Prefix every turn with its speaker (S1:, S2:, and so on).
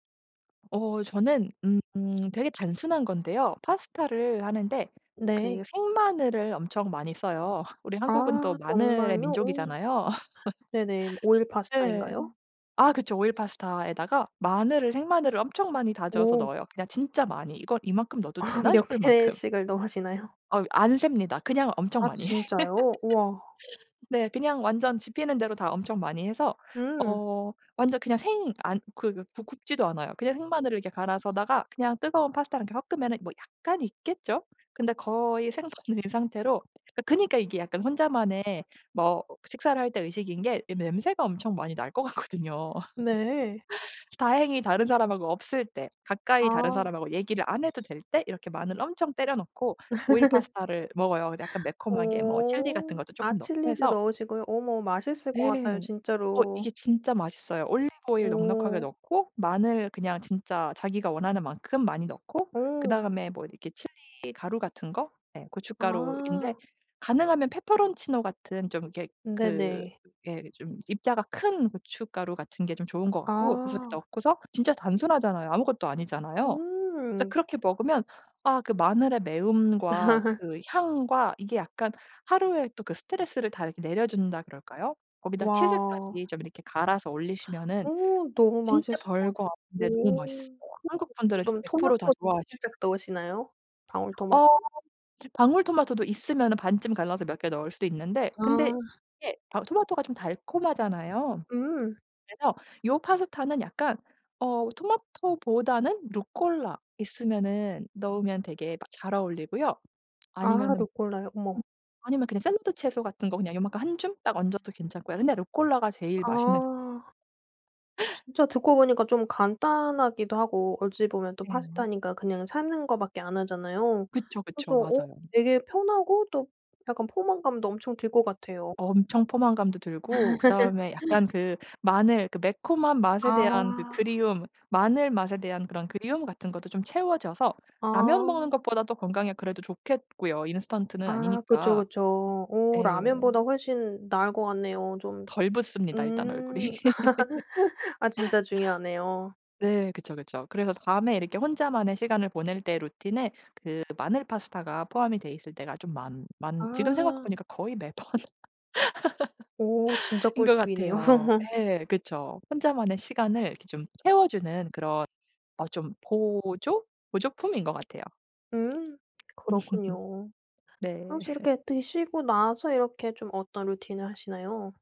S1: 어 저는 음 음 되게 단순한 건데요. 파스타를 하는데 그
S2: 네.
S1: 생마늘을 엄청 많이 써요. 우리 한국은 또
S2: 아
S1: 마늘의
S2: 정말요? 어.
S1: 민족이잖아요.
S2: 네네. 오일
S1: 네.
S2: 파스타인가요?
S1: 아 그쵸. 오일 파스타에다가 마늘을 생마늘을 엄청 많이 다져서
S2: 오.
S1: 넣어요, 그냥 진짜 많이 '이거 이만큼 넣어도
S2: 아
S1: 되나?'
S2: 몇
S1: 싶을 만큼.
S2: 개씩을 넣으시나요?
S1: 어유 안 셉니다. 그냥 엄청
S2: 아.
S1: 많이
S2: 진짜요. 우와.
S1: 네 그냥 완전 집히는 대로 다 엄청 많이 해서
S2: 음.
S1: 어 완전 그냥 생 안 그 그 구 굽지도 않아요. 그냥 생마늘을 이렇게 갈아서다가 그냥 뜨거운 파스타랑 이렇게 섞으면은 뭐 약간 익겠죠. 근데 거의 생 수준인 상태로 그 그니까 이게 약간 혼자만의 뭐 식사를 할 때 의식인 게 이 냄새가 엄청 많이 날 것 같거든요.
S2: 네.
S1: 다행히 다른 사람하고 없을 때 가까이 다른
S2: 아.
S1: 사람하고 얘기를 안 해도 될 때 이렇게 마늘을 엄청 때려 넣고 오일 파스타를 먹어요. 이제 약간 매콤하게 뭐 칠리
S2: 오.
S1: 같은 것도
S2: 아
S1: 쪼끔 넣고
S2: 칠리도
S1: 해서
S2: 넣으시고요. 어머 맛있을 것
S1: 네,
S2: 같아요
S1: 어
S2: 진짜로.
S1: 이게 진짜 맛있어요. 올리브 오일 넉넉하게
S2: 오.
S1: 넣고 마늘 그냥 진짜 자기가 원하는 만큼 많이 넣고
S2: 어.
S1: 그다음에 뭐 이렇게 칠리 가루 같은 거 예 고춧가루인데
S2: 아.
S1: 가능하면 페페론치노 같은 좀 이렇게 그
S2: 네네.
S1: 예 좀 입자가 큰 고춧가루 같은 게 좀 좋은 것 같고 그래서
S2: 아.
S1: 넣고서 진짜 단순하잖아요. 아무것도 아니잖아요. 근데
S2: 음.
S1: 그렇게 먹으면 아 그 마늘의 매움과 그 향과 이게 약간 하루에 또 그 스트레스를 다 이렇게 내려준다 그럴까요? 거기다
S2: 와.
S1: 치즈까지 좀 이렇게 갈아서 올리시면은
S2: 오 너무
S1: 진짜
S2: 맛있을 것
S1: 별거
S2: 같아.
S1: 없는데 너무
S2: 오
S1: 맛있어요. 한국 분들은
S2: [unintelligible]
S1: 진짜
S2: 좀
S1: 100% 다
S2: 토마토도
S1: 좋아하지.
S2: 살짝 넣으시나요, 방울 토마토?
S1: 어. 방울 토마토도 있으면은 반쯤 갈라서 몇 개 넣을 수도 있는데 근데
S2: 아.
S1: 이게 방울 토마토가 좀 달콤하잖아요.
S2: 음.
S1: 그래서 요 파스타는 약간 어 토마토보다는 루콜라 있으면은 넣으면 되게 막 잘 어울리고요.
S2: 아
S1: 아니면은
S2: 루꼴라요. 어머.
S1: 음 아니면 그냥 샐러드 채소 같은 거 그냥 요만큼 1 줌 딱 얹어도 괜찮고요. 근데 루콜라가 제일 맛있는
S2: 아 진짜 듣고 보니까 좀 간단하기도 하고 어찌 보면 또
S1: 네.
S2: 파스타니까 그냥 삶는 거밖에 안 하잖아요.
S1: 그쵸, 그쵸.
S2: 그래서 어
S1: 맞아요.
S2: 되게 편하고 또 약간 포만감도 엄청 들 것 같아요.
S1: 엄청 포만감도 들고 그다음에 약간 그 마늘 그 매콤한 맛에 대한 그
S2: 아.
S1: 그리움 마늘 맛에 대한 그런 그리움 같은 것도 좀 채워져서 라면 먹는
S2: 아.
S1: 것보다도 건강에 그래도 좋겠고요, 인스턴트는
S2: 아 그쵸,
S1: 아니니까.
S2: 그쵸. 오
S1: 예.
S2: 라면보다 훨씬 나을 것 같네요 좀.
S1: 덜 붓습니다, 일단 얼굴이.
S2: 음. 아 진짜 중요하네요.
S1: 네 그쵸, 그쵸. 그래서 밤에 이렇게 혼자만의 시간을 보낼 때 루틴에 그 마늘 파스타가 포함이 돼 있을 때가 좀 많 많 지금 생각해
S2: 아.
S1: 보니까 거의 매번
S2: 오 진짜
S1: ...인 것
S2: 꿀팁이네요.
S1: 같아요. 예, 그쵸. 혼자만의 시간을 이렇게 좀 채워주는 그런 어 좀 보조 보조품인 것 같아요.
S2: 음 그렇군요.
S1: 네.
S2: 혹시 이렇게 드시고 나서 이렇게 좀 어떤 루틴을 하시나요?